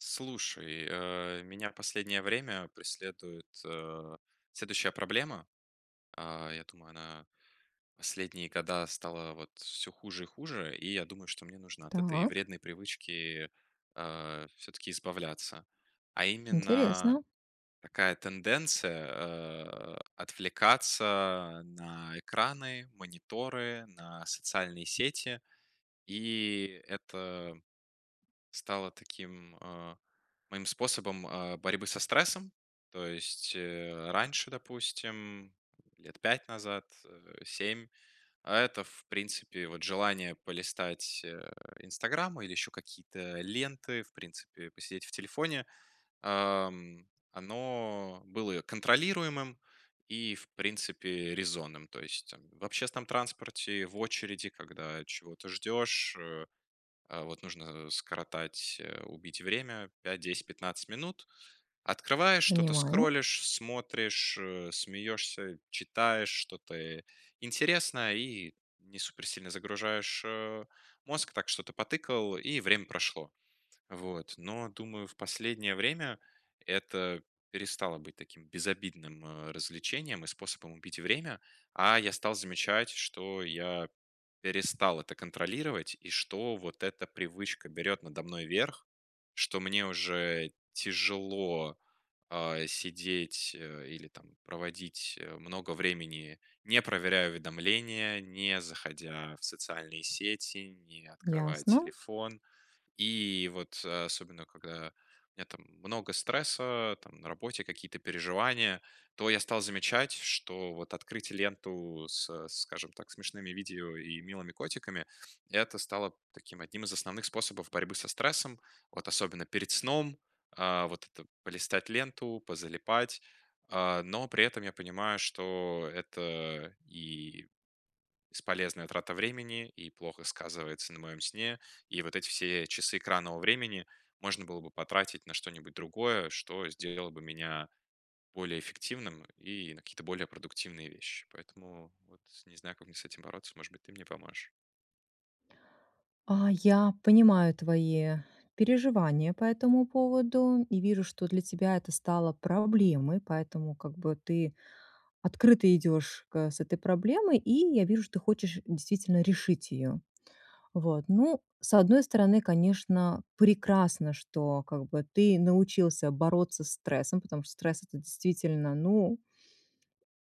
Слушай, э, меня в последнее время преследует, э, следующая проблема. А, я думаю, она последние года стала, вот, всё хуже и хуже, и я думаю, что мне нужно от этой Так. вредной привычки, а, всё-таки избавляться, а именно Интересно. такая тенденция, э, отвлекаться, э, на экраны, мониторы, на социальные сети. И это стало таким, а, моим способом, а, борьбы со стрессом. То есть, э, раньше, допустим, лет 5 назад, э, 7, это, в принципе, вот, желание полистать, э, "Инстаграм" или еще какие-то ленты, в принципе, посидеть в телефоне, ам, оно было контролируемым и, в принципе, резонным. То есть, там, в общественном транспорте, в очереди, когда чего-то ждешь, э, а, вот, нужно скоротать, э, убить время 5-10-15 минут. Открываешь, что-то Понимаю. скроллишь, смотришь, э, смеешься, читаешь что-то, э, интересное и не супер сильно загружаешь, э, мозг, так что-то потыкал, и время прошло. Вот, но, думаю, в последнее время это перестало быть таким безобидным, э, развлечением и способом убить время, а, я стал замечать, что я перестал это контролировать, и что вот эта привычка берёт надо мной верх, что мне уже тяжело, а, сидеть, э, или, там, проводить, э, много времени, не проверяя уведомления, не заходя в социальные сети, не открывая Ясно. телефон. И, вот, особенно когда у меня, там, много стресса, э, там, на работе, какие-то переживания, то я стал замечать, что, вот, открыть ленту со, скажем так, смешными видео и милыми котиками- это стало таким одним из основных способов борьбы со стрессом, вот, особенно перед сном. А, вот это полистать ленту, позалипать, а, но при этом я понимаю, что это и бесполезная трата времени, и плохо сказывается на моем сне, и вот эти все часы экранного времени можно было бы потратить на что-нибудь другое, что сделало бы меня более эффективным и на какие-то более продуктивные вещи. Поэтому, вот, не знаю, как мне с этим бороться. Может быть, ты мне поможешь? А, я понимаю твои переживания по этому поводу, и вижу, что для тебя это стало проблемой, поэтому, как бы, ты открыто идёшь к с этой проблемой, и я вижу, что ты хочешь действительно решить её. Вот, ну, с одной стороны, конечно, прекрасно, что как бы ты научился бороться стрессом, потому что стресс это действительно, ну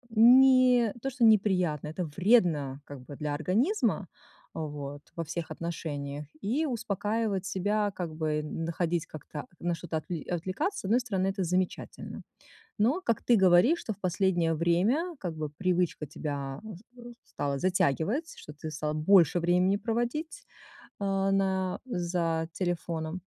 не то, что неприятно, это вредно как бы для организма, вот, во [unintelligible] всех отношениях. И успокаивать себя, как бы н находить как-то, на что-то отвл отвлекаться, с одной стороны это замечательно. Но, как ты говоришь, что в последнее время, как бы, привычка тебя, а, с с стала затягивать, что ты стал больше времени проводить, э, на, за телефоном.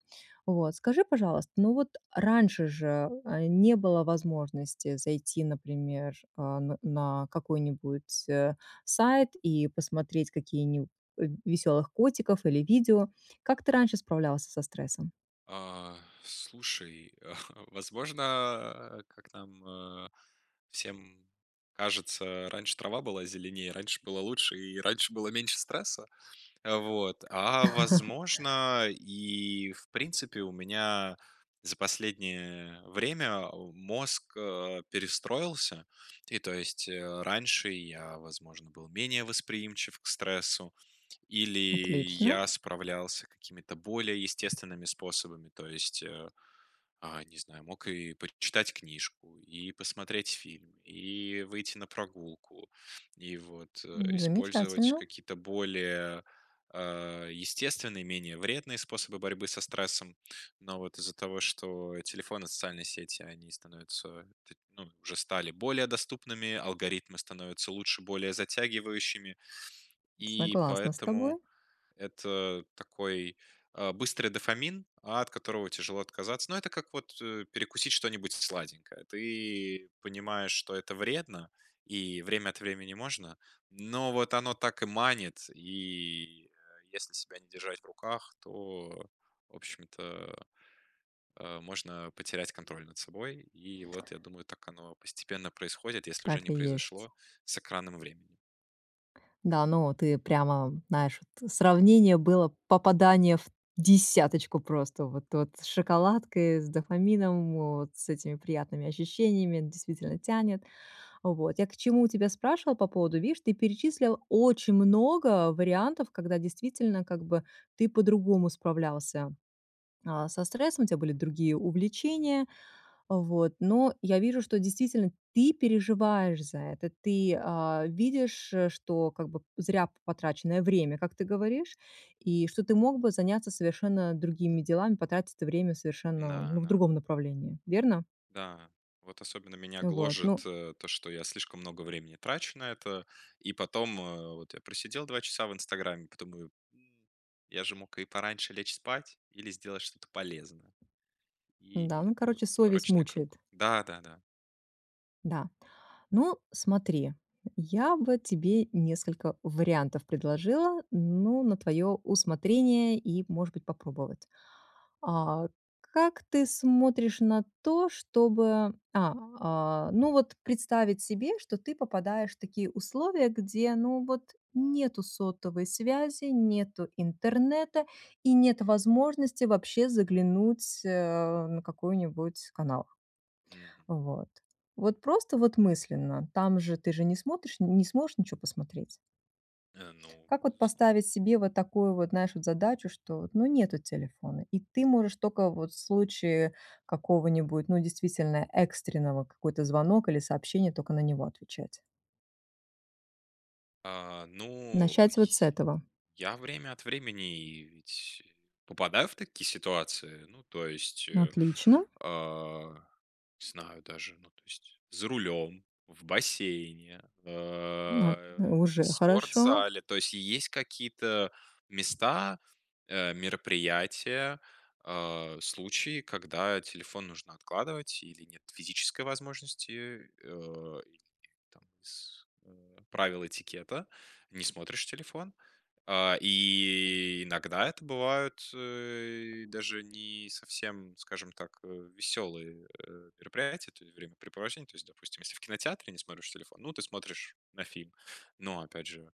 Вот, скажи, пожалуйста, ну вот раньше же, э, не было возможности зайти, например, э, на какой-нибудь, э, сайт и посмотреть какие-ниб э, в весёлых котиков, или видео. Как ты раньше справлялся со стрессом? Э, слушай, а, возможно, а, как нам, э, всем кажется, э, раньше трава была зеленее, раньше было лучше, и раньше было меньше стресса. Вот. А, возможно, и в принципе, у меня за последнее, э, время, э, мозг, э, перестроился, и, то есть, э, раньше я, возможно, был менее восприимчив к стрессу, или Отлично. я справлялся какими-то более естественными способами, то есть, э, а, не знаю, мог и пр читать книжку, и посмотреть фильм, и выйти на прогулку, и, вот, э, М, использовать замечательно. какие-то более, э, естественные, менее вредные способы борьбы со стрессом. Но, вот, из-за того, что телефоны, социальные сети, они становятся, т ну, уже стали более доступными, алгоритмы становятся лучше, более затягивающими, и Согласна с тобой. поэтому это такой, э, быстрый дофамин, от которого тяжело отказаться. Ну это как, вот, э, перекусить что-нибудь с сладенькое. Ты понимаешь, что это вредно, и время от времени можно, но, вот, оно так и манит, и, э, если себя не держать в руках, то, в общем-то, э, можно потерять контроль над собой. И, вот, я думаю, так оно постепенно происходит, если уже Так не и есть. произошло с экранным временем. Да, ну ты прямо знаешь, вот сравнение было попадание в десяточку просто вот вот, с шоколадкой, с дофамином вот с этими приятными ощущениями. Действительно тянет. Вот я к чему тебя спрашивала, по поводу, видишь, ты перечислил очень много вариантов, когда действительно как бы ты по-другому справлялся, а, со стрессом, у тебя были другие увлечения вот. Но я вижу, что действительно ты переживаешь за это, ты, а, видишь, что как бы п зря п-потраченное время, как ты говоришь, и что ты мог бы заняться совершенно другими делами, потратить время совершенно, Да, ну, в да. другом направлении, верно? Да. Вот особенно меня Ну, вот, гложет, ну э, то, что я слишком много времени трачу на это, и потом, э, вот я просидел 2 часа в "Инстаграме", потом думаю, м, я же мог и пораньше лечь спать, или сделать что-то полезное. Да, И ну, это вот короче, совесть порочный круг. мучает. Да, да, да. Да. Ну, смотри, я бы тебе несколько вариантов предложила, ну, на твоё усмотрение и, может быть, попробовать. А, как ты смотришь на то, чтобы, а, а, ну, вот представить себе, что ты попадаешь в такие условия, где, ну, вот нету сотовой связи, нету интернета и нет возможности вообще заглянуть, э, на какой-нибудь канал. Мгм. Вот. Вот просто, вот, мысленно, там же ты же не смотришь н-не сможешь ничего посмотреть. Э, ну, Как вот безусловно. поставить себе вот такую вот нашу задачу, что, вот, ну нету телефона, и ты можешь только, вот, в случае какого-нибудь, ну, действительно, экстренного, какой-то звонок или сообщение, только на него отвечать. А, но, и Начать вот с си этого? я время от времени и, ведь попадаю в такие ситуации. Ну то есть, э, Отлично. не знаю даже: ну то есть, за рулем, в бассейне, [unintelligible] э, в Уже хорошо! спортзале. То есть есть какие-то места, э, мероприятия, э, случаи, когда телефон нужно откладывать, или нет физической возможности, э, или нет там с правила этикета, не смотришь телефон. А, и иногда это бывают, э, даже не совсем, скажем так, э, веселые, э, мероприятия, то ли времяпрепровождение. То есть, допустим, если в кинотеатре не смотришь телефон. Ну ты смотришь на фильм. Но опять же,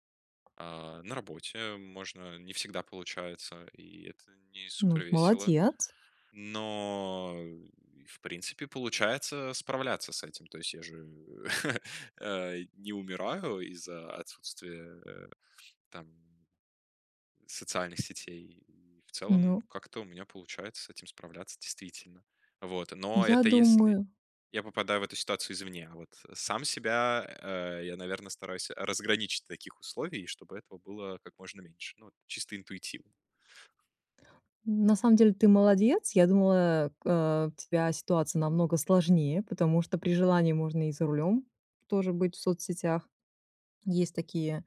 э, на работе можно не всегда получается, и это не Ну, супер весело. молодец! Но, и в принципе получается справляться с этим. То есть я же, э, не умираю из-за отсутствия, э, там, социальных сетей. В целом Ну как-то у меня получается с этим справляться, действительно. Вот, но Я это если думаю я попадаю в эту ситуацию извне. А вот сам себя, э, я, наверное, стараюсь разграничить таких условий, чтобы этого было как можно меньше. Ну, чисто интуитивно. На самом деле, ты молодец. Я думала, э, э, у тебя ситуация намного сложнее, потому что при желании можно и за рулем тоже быть в соцсетях. Есть такие,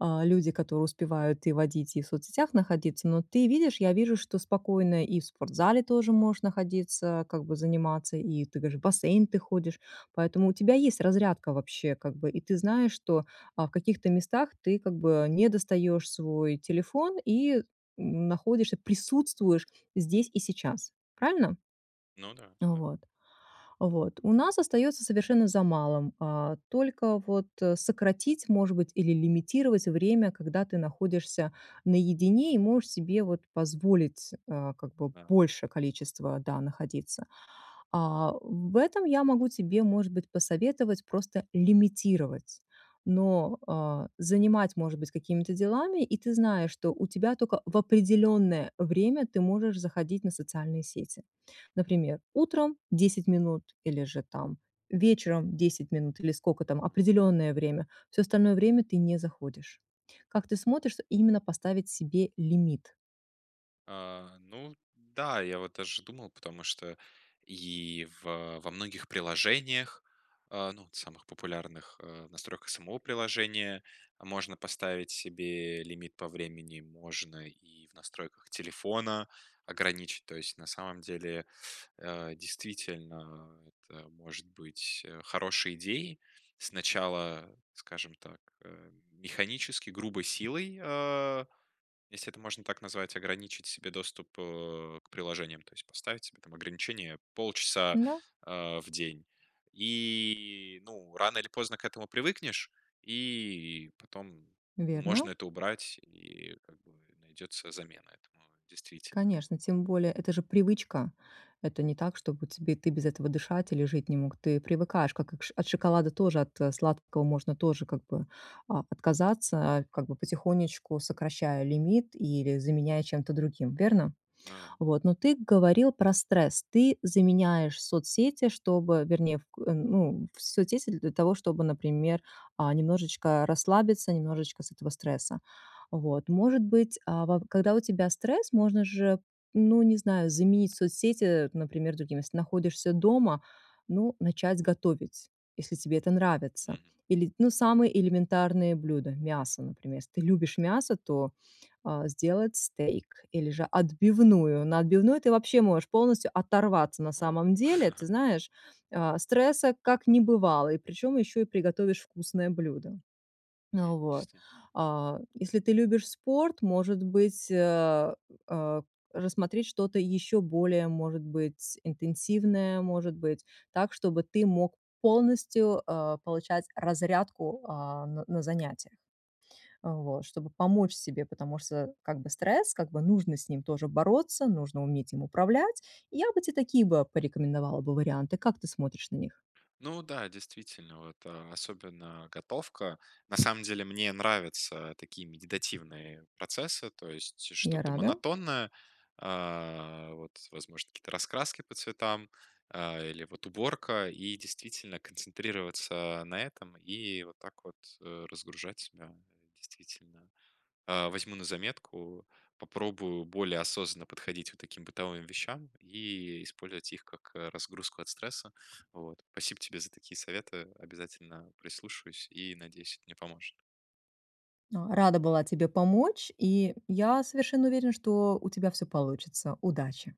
э, люди, которые успевают и водить, и в соцсетях находиться. Но ты видишь, я вижу, что спокойно и в спортзале тоже можешь находиться, как бы заниматься. И ты говоришь в бассейн ты ходишь, поэтому у тебя есть разрядка вообще, как бы. И ты знаешь, что, э, в каких-то местах ты как бы не достаешь свой телефон, и находишься, присутствуешь здесь и сейчас. Правильно? Ну да, Э, да. вот, вот. У нас остается совершенно за малым: э, только вот о сократить может быть, или лимитировать время, когда ты находишься наедине, и можешь себе вот позволить, э, как бы Ага. больше количество, да, находиться. А, в этом я могу тебе, может быть, посоветовать просто лимитировать. Но, э, занимать, может быть, какими-то делами, и ты знаешь, что у тебя только в определённое время ты можешь заходить на социальные сети. Например, утром- 10 минут, или же там вечером 10 минут, или сколько там Мгм. определённое время. Всё остальное время ты не заходишь. Как ты смотришь, именно поставить себе лимит? А, ну да, я вот даже думал, потому что, и в во многих приложениях, э, ну вот самых популярных, э, в настройках самого приложения можно поставить себе лимит по времени, можно и в настройках телефона ограничить, то есть на самом деле, э, действительно это может быть, э, хорошей идеей сначала, скажем так, э, механически, грубой силой, а, если это можно так назвать, ограничить себе доступ, э, к приложениям, то есть поставить себе там ограничение полчаса, Да. э, в день, и ну рано или поздно к этому привыкнешь, и, потом, ну, можно Верно. это убрать, и, как бы, найдется замена этому, действительно. Конечно, тем более- это же привычка. Это не так, чтобы тебе ты без этого дышать или жить не мог. Ты привыкаешь, как и к ш от шоколада тоже, от сладкого можно тоже, как бы, а, отказаться, а, как бы потихонечку сокращая лимит или заменяя чем-то другим, верно? Ну да. Вот, но ты говорил про стресс, ты заменяешь соцсети, чтобы вернее в к ну, в соцсети для того, чтобы, например, а немножечко расслабиться, немножечко с этого стресса. Вот, может быть, а, ва когда у тебя стресс, можно же, ну, не знаю, заменить соцсети, например, другим. Если ты находишься дома ну, начать готовить, если тебе это нравится. Мгм. Или ну, самые элементарные блюда мясо, например. Если ты любишь мясо, то, а, сделать стейк, или же отбивную. На отбивную ты вообще можешь полностью оторваться, на Ого! самом деле. Ты знаешь, э, стресса как не бывало, и причём ещё и приготовишь вкусное блюдо. А, М, вот, действить а, если ты любишь спорт, может быть, э, э, рассмотреть что-то ещё более, может быть, интенсивное, может быть, так, чтобы ты мог полностью, э, получать разрядку, а, на на занятья. Вот, чтобы помочь себе, потому что как бы стресс, как бы нужно с ним тоже бороться, нужно уметь им управлять. Я бы тебе такие бы порекомендовала бы варианты. Как ты смотришь на них? Ну да, действительно, вот, а, особенно готовка. На самом деле, мне нравятся такие медитативные процессы, то есть Я что-то рада. монотонное, а, вот возможно какие-то раскраски по цветам, а, или вот уборка, и, действительно, концентрироваться на этом и вот так вот, э, разгружать себя, да, действительно. А, возьму на заметку, попробую более осознанно подходить вот таким бытовым вещам, и использовать их как, а, разгрузку от стресса вот. Спасибо тебе за такие советы. Обязательно прислушаюсь, и надеюсь, это мне поможет. А, рада была тебе помочь, и я совершенно уверена, что у тебя все получится. Удачи.